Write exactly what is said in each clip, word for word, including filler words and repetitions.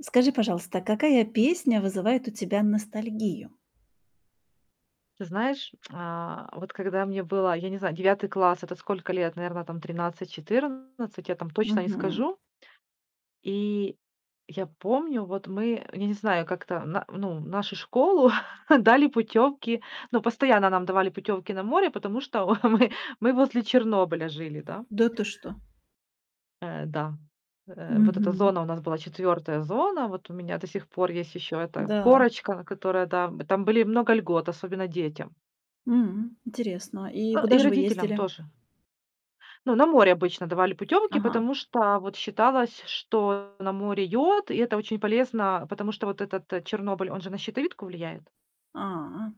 Скажи, пожалуйста, какая песня вызывает у тебя ностальгию? Ты знаешь, а, вот когда мне было, я не знаю, девятый класс- это сколько лет? Наверно там тринадцать-четырнадцать, я там точно не Мгм. скажу. И я помню, вот мы я не знаю, как-то на ну, наши школу дали путёвки, ну постоянно нам давали путёвки на море, потому что мы мы возле Чернобыля жили, да. Да ты что? Э, да, э, вот эта Мгм. зона у нас была четвертая зона. Вот у меня до сих пор есть ещё эта Да. корочка, которая, да, там были много льгот, особенно детям. М. Интересно. И Э, куда и же вы родителям ездили? тоже. Ну, на море обычно давали путёмки, Ага. потому что вот считалось, что на море йод, и это очень полезно, потому что вот этот Чернобыль, он же на щитовидку влияет. А.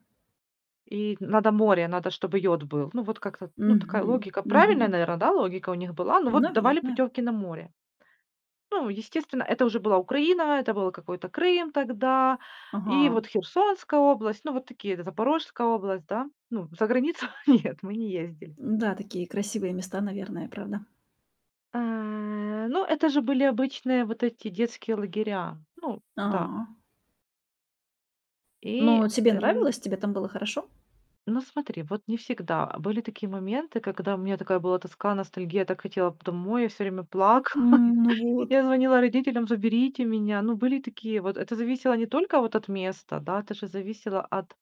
И надо море, надо, чтобы йод был. Ну, вот как-то ну, такая Мгм логика. Правильная, мгм. наверное, да, логика у них была. Но вот давали Наверное. путёвки на море. Ну, естественно, это уже была Украина, это было какой-то Крым тогда. И Ага. вот Херсонская область, ну, вот такие, Запорожская область, да. Ну, за границу нет, мы не ездили. Да, такие красивые места, наверное, правда? А, ну это же были обычные вот эти детские лагеря. Ну да. А. И Но тебе эн нравилось? Тебе там было хорошо? Ну смотри, вот не всегда. Были такие моменты, когда у меня такая была тоска, ностальгия, я так хотела п домой, я всё время плакала. М, ну вот. Я звонила родителям: "Заберите меня." Ну были и такие вот это зависело не только вот от места, да, это же зависело от